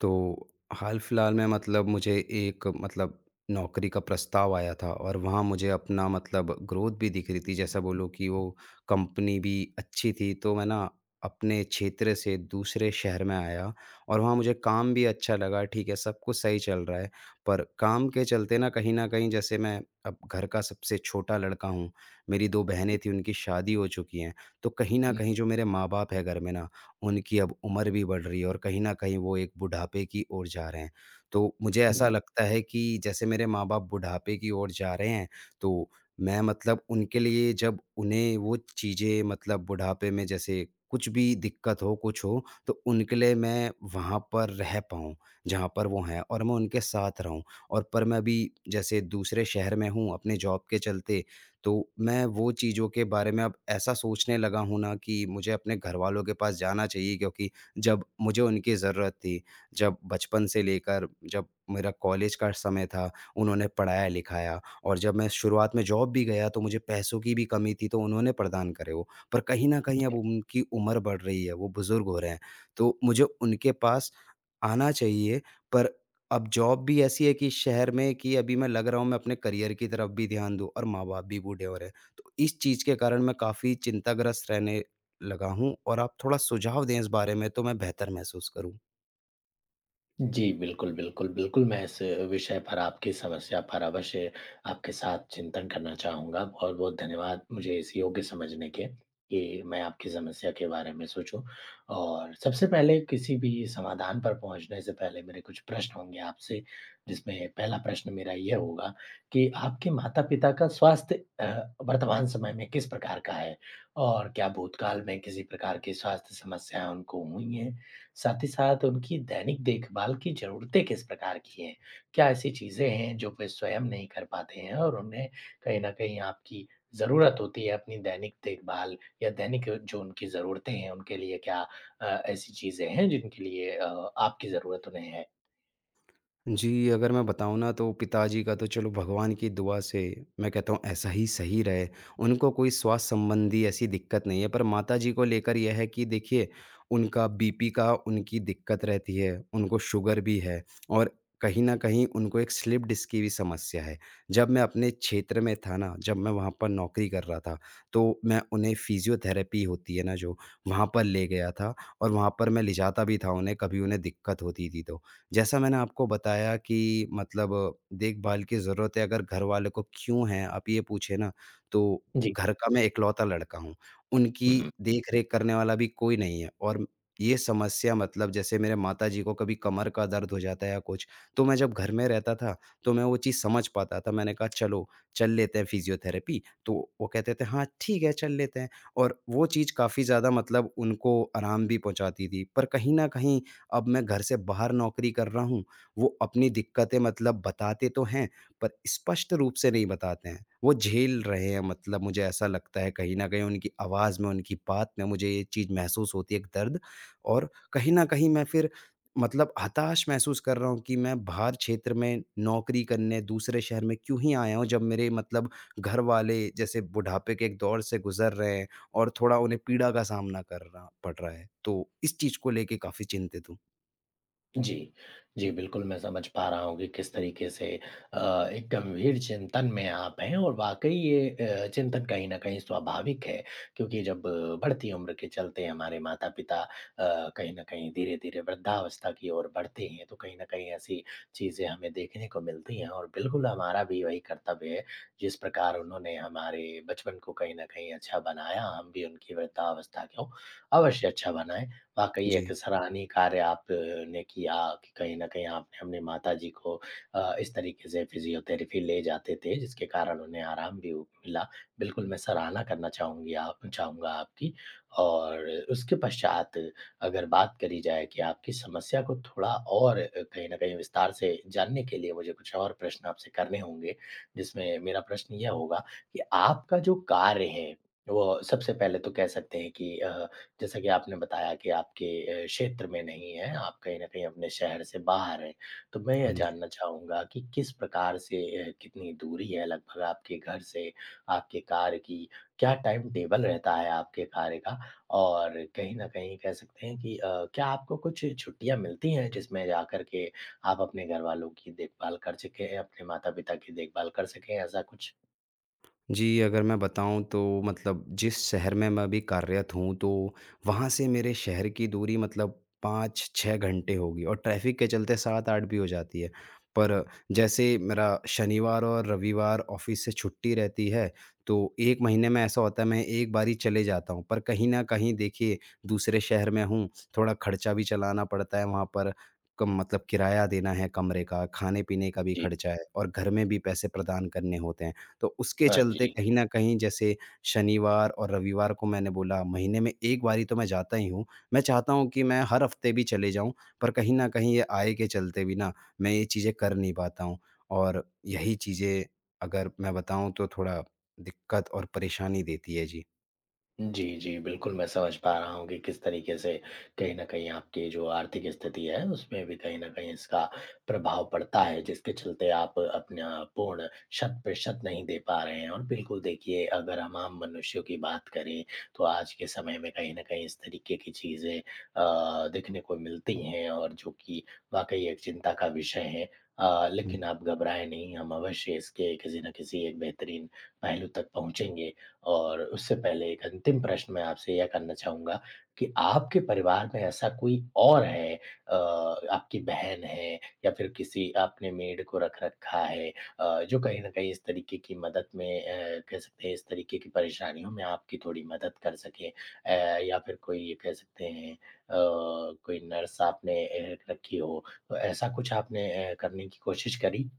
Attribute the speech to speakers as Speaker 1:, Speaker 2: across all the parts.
Speaker 1: तो, हाल-फ़िल्हाल में मतलब मुझे एक मतलब नौकरी का प्रस्ताव आया था और वहाँ मुझे अपना मतलब ग्रोथ भी दिख रही थी। जैसा बोलो कि वो कंपनी भी अच्छी थी। तो मैं ना अपने क्षेत्र से दूसरे शहर में आया और वहाँ मुझे काम भी अच्छा लगा। ठीक है, सब कुछ सही चल रहा है पर काम के चलते ना कहीं न कहीं जैसे मैं अब घर का सबसे छोटा लड़का हूँ, मेरी 2 बहनें थीं, उनकी शादी हो चुकी हैं। तो कहीं न कहीं जो मेरे माँ-बाप हैं घर में ना, उनकी अब उम्र भी बढ़ रही है और कहीं न कहीं वो एक बुढ़ापे की ओर जा रहे हैं। तो मुझे ऐसा लगता है कि जैसे मेरे माँ-बाप बुढ़ापे की ओर जा रहे हैं तो मैं मतलब उनके लिए जब उन्हें वो चीज़ें मतलब बुढ़ापे में जैसे कुछ भी दिक़्कत हो, कुछ हो तो उनके लिए मैं वहाँ पर रह पाऊँ जहाँ पर वो हैं और मैं उनके साथ रहूँ। और पर मैं भी जैसे दूसरे शहर में हूँ अपने जॉब के चलते तो मैं वो चीज़ों के बारे में अब ऐसा सोचने लगा हूँ ना कि मुझे अपने घरवालों के पास जाना चाहिए क्योंकि जब मुझे उनकी ज़रूरत थी, जब बचपन से लेकर जब मेरा कॉलेज का समय था, उन्होंने पढ़ाया-लिखाया और जब मैं शुरुआत में जॉब भी गया तो मुझे पैसों की भी कमी थी तो उन्होंने प्रदान करे वो। पर कहीं न कहीं अब उनकी उम्र बढ़ रही है, वो बुजुर्ग हो रहे हैं, तो मुझे उनके पास आना चाहिए। पर अब जॉब भी ऐसी है कि शहर में कि अभी मैं लग रहा हूँ, मैं अपने करियर की तरफ़ भी ध्यान दूँ और माँ-बाप भी बूढ़े हो रहे हैं। तो इस चीज़ के कारण मैं काफ़ी चिंताग्रस्त रहने लगा हूँ और आप थोड़ा सुझाव दें इस बारे में तो मैं बेहतर महसूस करूँ।
Speaker 2: जी, बिल्कुल, बिल्कुल, बिल्कुल, मैं इस विषय पर आपकी समस्या पर अवश्य आपके साथ चिंतन करना चाहूँगा, बहुत-बहुत धन्यवाद मुझे इस योग्य समझने के, कि मैं आपकी समस्या के बारे में सोचूँ। और सबसे पहले किसी भी समाधान पर पहुँचने से पहले मेरे कुछ प्रश्न होंगे आपसे, जिसमें पहला प्रश्न मेरा ये होगा कि आपके माता-पिता का स्वास्थ्य अ, वर्तमान समय में किस प्रकार का है और क्या भूतकाल में किसी प्रकार की स्वास्थ्य समस्याएँ उनको हुई हैं? साथ ही साथ उनकी दैनिक देखभाल की ज़रूरतें किस प्रकार की हैं? क्या ऐसी चीज़ें हैं, जो वे स्वयं नहीं कर पाते हैं और उन्हें कहीं न कहीं आपकी ज़रूरत होती है अपनी दैनिक देखभाल या दैनिक जो उनकी ज़रूरतें हैं उनके लिए क्या अ, ऐसी चीज़ें हैं जिनके लिए अ, आपकी ज़रूरत उन्हें है?
Speaker 1: जी, अगर मैं बताऊँ ना तो पिताजी का तो चलो भगवान की दुआ से, मैं कहता हूँ ऐसा ही सही रहे, उनको कोई स्वास्थ्य संबंधी ऐसी दिक्कत नहीं है, पर माताजी को लेकर ये है कि देखिए उनका बीपी का उनकी दिक्कत रहती है, उनको शुगर भी है और कहीं न कहीं उनको एक स्लिप-डिस्क की भी समस्या है, जब मैं अपने क्षेत्र में था ना, जब मैं वहाँ पर नौकरी कर रहा था, तो मैं उन्हें फ़िज़ियोथेरेपी होती है ना जो, वहाँ पर ले गया था और वहाँ पर मैं ले जाता भी था उन्हें कभी उन्हें दिक्कत होती थी तो, जैसा मैंने आपको बताया कि मतलब देखभाल की ज़रूरत है अगर घरवाले को क्यों है, आप ये पूछें ना तो
Speaker 2: जी।
Speaker 1: घर का मैं इकलौता लड़का हूँ। उनकी
Speaker 2: हुँ।
Speaker 1: देख-रेख करने वाला भी कोई नहीं है और म ये समस्या मतलब जैसे मेरे माताजी को कभी कमर का दर्द हो जाता है या कुछ, तो मैं जब घर में रहता था, तो मैं वो चीज समझ पाता था। मैंने कहा, "चलो, चल लेते हैं फ़िज़ियोथेरेपी" तो वो कहते थे, "हाँ, ठीक है, चल लेते हैं" और वो चीज़ काफ़ी ज़्यादा मतलब उनको आराम भी पहुँचाती थी। पर कहीं न कहीं अब मैं घर से बाहर नौकरी कर रहा हूँ, वो अपनी दिक्कतें मतलब बताते तो हैं, पर स्पष्ट रूप से नहीं बताते हैं, वो झेल रहे हैं मतलब मुझे ऐसा लगता है कहीं न कहीं उनकी आवाज़ में, उनकी बात में मुझे ये चीज महसूस होती है एक दर्द और कहीं न कहीं मैं फिर मतलब हताश महसूस कर रहा हूँ कि मैं बाहर क्षेत्र में नौकरी करने दूसरे शहर में क्यों ही आया हूँ जब मेरे मतलब घरवाले, जैसे बुढ़ापे के एक दौर से गुजर रहे हैं और थोड़ा उन्हें पीड़ा का सामना करना पड़ रहा है। तो इस चीज को लेकर काफ़ी चिंतित हूँ।
Speaker 2: जी। जी बिल्कुल, मैं समझ पा रहा हूँ कि किस तरीके से अ, एक गंभीर चिंतन में आप हैं और वाक़ई ये अ, चिंतन कहीं न कहीं स्वाभाविक है। क्योंकि जब बढ़ती उम्र के चलते हमारे माता-पिता अ, कहीं न कहीं धीरे-धीरे वृद्धावस्था की ओर बढ़ते हैं तो कहीं न कहीं ऐसी चीज़ें हमें देखने को मिलती हैं और बिल्कुल हमारा भी वही कर्तव्य है जिस प्रकार उन्होंने हमारे बचपन को कहीं न कहीं अच्छा बनाया हम भी उनकी वृद्धावस्था को अवश्य अच्छा बनाएँ। वाक़ई एक
Speaker 1: जी।
Speaker 2: सराहनीय कार्य आपने किया कि कहीं न कहीं आपने अपने माताजी को अ, इस तरीके से फिज़ियोथेरेपी ले जाते थे जिसके कारण उन्हें आराम भी उ मिला। बिल्कुल मैं सराहना करना चाहूँगी आप चाहूँगा आपकी। और उसके पश्चात अगर बात करी जाए कि आपकी समस्या को थोड़ा और कहीं न कहीं विस्तार से जानने के लिए मुझे कुछ और प्रश्न आपसे करने होंगे। जिसमें मेरा प्रश्न ये होगा कि आपका जो कार्य है वो सबसे पहले तो कह सकते हैं कि अ, जैसा कि आपने बताया कि आपके ए क्षेत्र में नहीं है, आप कहीं न कहीं अपने शहर से बाहर हैं। तो मैं ये
Speaker 1: हाँ जी।
Speaker 2: जानना चाहूँगा कि किस प्रकार से अ, कितनी दूरी है लगभग आपके घर से आपके कार्य की? क्या टाइम टेबल रहता है आपके कार्य का? और कहीं न कहीं कह सकते हैं कि अ, क्या आपको कुछ छुट्टियाँ मिलती हैं जिसमें जाकर के आप अपने घरवालों की देखभाल कर सकें हैं, अपने माता-पिता की देखभाल कर सकें ऐसा कुछ?
Speaker 1: जी, अगर मैं बताऊँ तो मतलब जिस शहर में मैं अभी कार्यत हूँ, तो वहाँ से मेरे शहर की दूरी मतलब 5-6 घंटे होगी और ट्रैफिक के चलते 7-8 भी हो जाती है। पर जैसे मेरा शनिवार और रविवार ऑफिस से छुट्टी रहती है तो 1 महीने में ऐसा होता है मैं एक बारी चले जाता हूँ। पर कहीं न कहीं देखिए दूसरे शहर में हूँ थोड़ा खर्चा भी चलाना पड़ता है वहाँ पर क मतलब किराया देना है कमरे का, खाने-पीने का भी
Speaker 2: जी।
Speaker 1: खर्चा है और घर में भी पैसे प्रदान करने होते हैं। तो उसके
Speaker 2: हाँ
Speaker 1: चलते
Speaker 2: जी।
Speaker 1: कहीं न कहीं जैसे शनिवार और रविवार को मैंने बोला, महीने में 1 बार ही तो मैं जाता ही हूँ। मैं चाहता हूँ कि मैं हर हफ्ते भी चले जाऊँ पर कहीं न कहीं ये आय के चलते भी ना मैं ये चीजें कर नहीं पाता हूँ और यही चीज़ें अगर मैं बताऊँ तो थोड़ा दिक्कत और परेशानी देती है जी।
Speaker 2: जी, जी, बिल्कुल। मैं समझ पा रहा हूँ कि किस तरीके से कहीं न कहीं आपकी जो आर्थिक स्थिति है, उसमें भी कहीं न कहीं इसका प्रभाव पड़ता है, जिसके चलते आप अपना पूर्ण शत-प्रतिशत नहीं दे पा रहे हैं और बिल्कुल देखिए अगर हम आम मनुष्यों की बात करें तो आज के समय में कहीं न कहीं इस तरीके की चीज़ें अ, देखने को मिलती हैं और जो कि वाक़ई एक चिंता का विषय है। अ,
Speaker 1: हुँ।
Speaker 2: लेकिन आप घबराएँ नहीं, हम अवश्य इसके किसी न किसी एक बेहतरीन पहलू तक पहुँचेंगे और उससे पहले एक अंतिम प्रश्न मैं आपसे ये करना चाहूँगा कि आपके परिवार में ऐसा कोई और है अ, आपकी बहन है या फिर किसी आपने मेड को रख रखा है अ, जो कहीं न कहीं इस तरीके की मदद में अ, कह सकते हैं इस तरीके की परेशानियों में आपकी थोड़ी मदद कर सके अ, या फिर कोई अ, कह सकते हैं अ, कोई नर्स आपने अ, रखी हो तो ऐसा कुछ आपने अ, करने की कोशिश करी?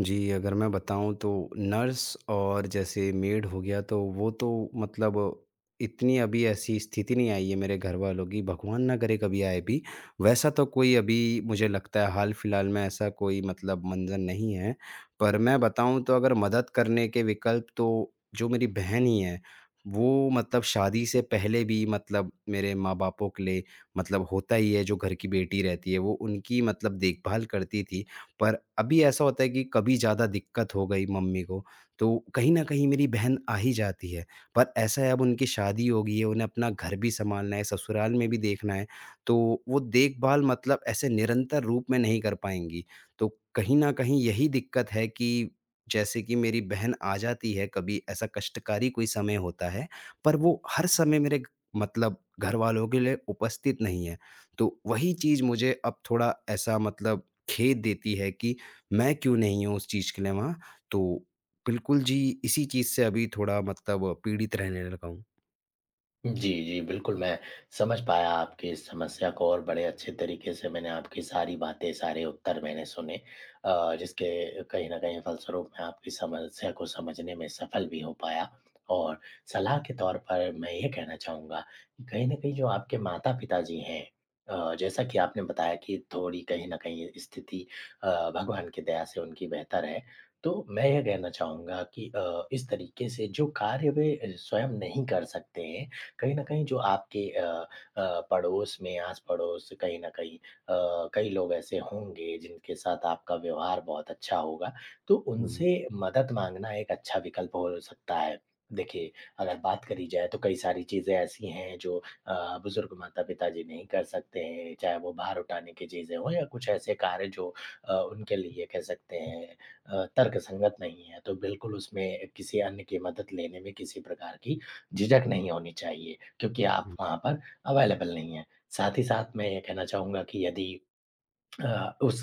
Speaker 1: जी, अगर मैं बताऊँ तो नर्स और जैसे मेड हो गया तो वो तो मतलब इतनी अभी ऐसी स्थिति नहीं आई है मेरे घर वालों की, भगवान ना करे कभी आए भी, वैसा तो कोई अभी मुझे लगता है हाल-फिलहाल में ऐसा कोई मतलब मंज़र नहीं है। पर मैं बताऊँ तो अगर मदद करने के विकल्प तो जो मेरी बहन ही है, वो मतलब शादी से पहले भी मतलब मेरे माँ-बापों के लिए मतलब होता ही है जो घर की बेटी रहती है, वो उनकी मतलब देखभाल करती थी। पर अभी ऐसा होता है कि कभी ज़्यादा दिक्कत हो गई मम्मी को, तो कहीं न कहीं मेरी बहन आ ही जाती है। पर ऐसा है अब उनकी शादी हो गई है, उन्हें अपना घर भी सँभालना है, ससुराल में भी देखना है, तो वो देखभाल मतलब ऐसे निरंतर रूप में नहीं कर पाएँगी। तो कहीं न कहीं यही दिक्कत है कि जैसे कि मेरी बहन आ जाती है कभी ऐसा कष्टकारी कोई समय होता है, पर वो हर समय मेरे क मतलब घर वालों के लिए उपस्थित नहीं है। तो वही चीज़ मुझे अब थोड़ा ऐसा मतलब खेद देती है कि, मैं क्यों नहीं हूँ उस चीज़ के लिए वहाँ? तो बिल्कुल जी, इसी चीज़ से अभी थोड़ा मतलब पीड़ित रहने लगा हूँ।
Speaker 2: जी, जी, बिल्कुल, मैं समझ पाया आपके इस समस्या को और बड़े अच्छे तरीके से मैंने आपकी सारी बातें, सारे उत्तर मैंने सुने अ, जिसके कहीं न कहीं फलस्वरूप मैं आपकी समस्या को समझने में सफल भी हो पाया और सलाह के तौर पर मैं ये कहना चाहूँगा, कि कहीं न कहीं जो आपके माता-पिता जी हैं अ, जैसा कि आपने बताया कि थोड़ी कहीं न कहीं स्थिति अ, भगवान की दया से उनकी बेहतर है। तो, मैं ये कहना चाहूँगा कि इस अ, तरीके से जो कार्य वे स्वयं नहीं कर सकते हैं, कहीं न कहीं जो आपके अ अ, पड़ोस में आस-पड़ोस कहीं न कहीं कई अ, कई लोग ऐसे होंगे जिनके साथ आपका व्यवहार बहुत अच्छा होगा, तो
Speaker 1: हुँ।
Speaker 2: उनसे मदद माँगना एक अच्छा विकल्प हो सकता है। देखिए, अगर बात करी जाए तो कई सारी चीज़ें ऐसी हैं जो अ, बुज़ुर्ग माता-पिता जी नहीं कर सकते हैं, चाहे वो भार उठाने की चीज़ें हो या कुछ ऐसे कार्य जो अ, उनके लिए कह सकते हैं अ, तर्कसंगत नहीं है, तो बिल्कुल उसमें किसी अन्य की मदद लेने में किसी प्रकार की झिझक नहीं होनी चाहिए, क्योंकि आप
Speaker 1: हुँ।
Speaker 2: वहाँ पर अवेलेबल नहीं हैं। साथ ही साथ मैं ये कहना चाहूँगा कि यदि अ, उस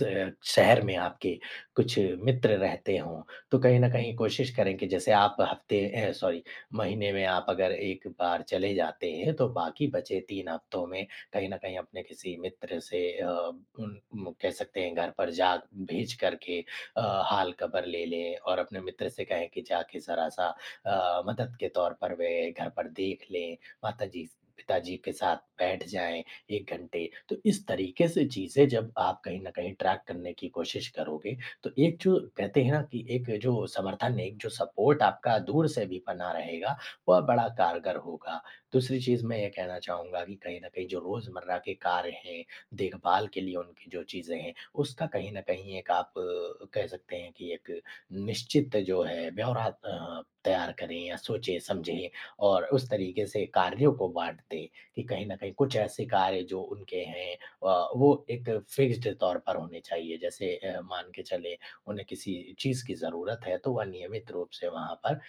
Speaker 2: शहर में आपके कुछ मित्र रहते हों, तो कहीं न कहीं कोशिश करें कि जैसे आप हफ्ते अ, सॉरी महीने में आप अगर 1 बार चले जाते हैं, तो बाकी बचे 3 हफ्तों में, कहीं न कहीं अपने किसी मित्र से अ, उम उम, कह सकते हैं घर पर जा भेजकर के अ, हाल खबर ले लें और अपने मित्र से कहें कि जाके ज़रा सा अ, मदद के तौर पर वे घर पर देख लें, माताजी-पिताजी के साथ बैठ जाएँ 1 घंटे, तो इस तरीके से चीज़ें जब आप कहीं न कहीं ट्रैक करने की कोशिश करोगे, तो एक जो कहते हैं ना कि एक जो समर्थन, एक जो सपोर्ट आपका दूर से भी बना रहेगा, वह बड़ा कारगर होगा। दूसरी चीज़ मैं ये कहना चाहूँगा कि कहीं न कहीं जो रोज़मर्रा के कार्य हैं, देखभाल के लिए उनकी जो चीज़ें हैं, उसका कहीं न कहीं एक आप अ, कह सकते हैं कि एक निश्चित जो है ब्यौरा अ, तैयार करें या सोचें-समझें और उस तरीके से कार्यों को बाँट दें कि कहीं न कहीं कुछ ऐसे कार्य जो उनके हैं अ, वो एक फिक्स्ड तौर पर होने चाहिए, जैसे अ, मान के चले उन्हें किसी चीज़ की ज़रूरत है तो वह नियमित रूप से वहाँ पर अ,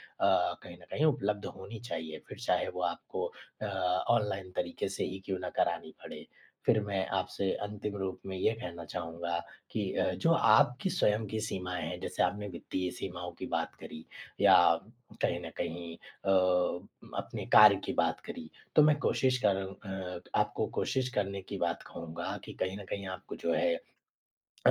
Speaker 2: कहीं न कहीं उपलब्ध होनी चाहिए, फिर चाहे वह आपको अ, ऑनलाइन तरीके से ही क्यों न करानी पड़े। फिर मैं आपसे अंतिम रूप में ये कहना चाहूँगा कि अ, जो आपकी स्वयं की सीमाएँ हैं, जैसे आपने वित्तीय सीमाओं की बात करी, या कहीं न कहीं अ, अपने कार्य की बात करी, तो मैं कोशिश कर अ, आपको कोशिश करने की बात कहूँगा कि कहीं न कहीं आपको जो है अ,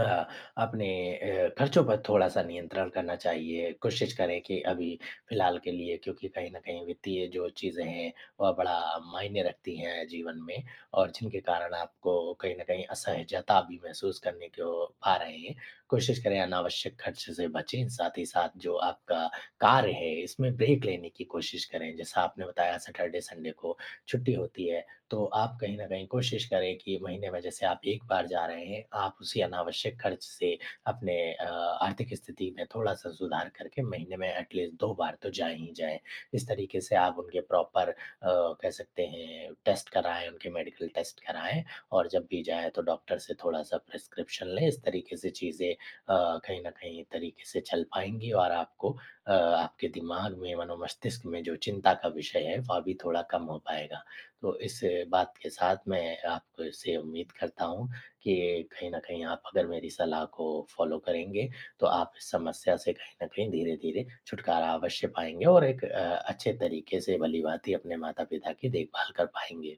Speaker 2: अपने अ, खर्चों पर थोड़ा-सा नियंत्रण करना चाहिए, कोशिश करें कि अभी फिलहाल के लिए क्योंकि कहीं न कहीं वित्तीय जो चीज़ें हैं, वह बड़ा मायने रखती हैं जीवन में और जिनके कारण आपको कहीं न कहीं असहजता भी महसूस करने को पा रहे हैं, कोशिश करें अनावश्यक खर्च से बचें, साथ ही साथ जो आपका कार्य है इसमें ब्रेक लेने की कोशिश करें, जैसा आपने बताया सैटरडे-संडे को छुट्टी होती है, तो आप कहीं न कहीं कोशिश करें कि महीने में जैसे आप 1 बार जा रहे हैं, आप उसी अनावश्यक खर्च से अपने अ, आर्थिक स्थिति में थोड़ा-सा सुधार करके महीने में एट लीस्ट 2 बार तो जाएँ ही जाएँ। इस तरीके से आप उनके प्रॉपर अ, कह सकते हैं टेस्ट कराएँ, उनके मेडिकल टेस्ट कराएँ और जब भी जाएँ तो डॉक्टर से थोड़ा-सा प्रिस्क्रिप्शन लें, इस तरीके से चीज़ें अ, कहीं न कहीं तरीके से चल पाएँगी और आपको अ, आपके दिमाग में मनो-मस्तिष्क में जो चिंता का विषय है, वह भी थोड़ा कम हो पाएगा। तो इस बात के साथ मैं आपसे उम्मीद करता हूँ, कि कहीं न कहीं आप अगर मेरी सलाह को फॉलो करेंगे, तो आप इस समस्या से कहीं न कहीं धीरे-धीरे छुटकारा अवश्य पाएँगे और एक अ, अच्छे तरीके से भली-भाँति अपने माता-पिता की देखभाल कर पाएँगे।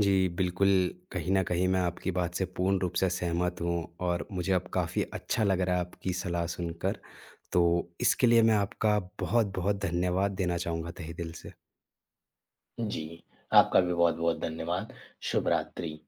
Speaker 1: जी, बिल्कुल, कहीं न कहीं मैं आपकी बात से पूर्ण रूप से सहमत हूँ और मुझे अब काफ़ी अच्छा लग रहा है आपकी सलाह सुनकर, तो इसके लिए मैं आपका बहुत-बहुत धन्यवाद देना चाहूँगा तहे दिल से।
Speaker 2: जी, आपका भी बहुत-बहुत धन्यवाद। शुभ-रात्रि।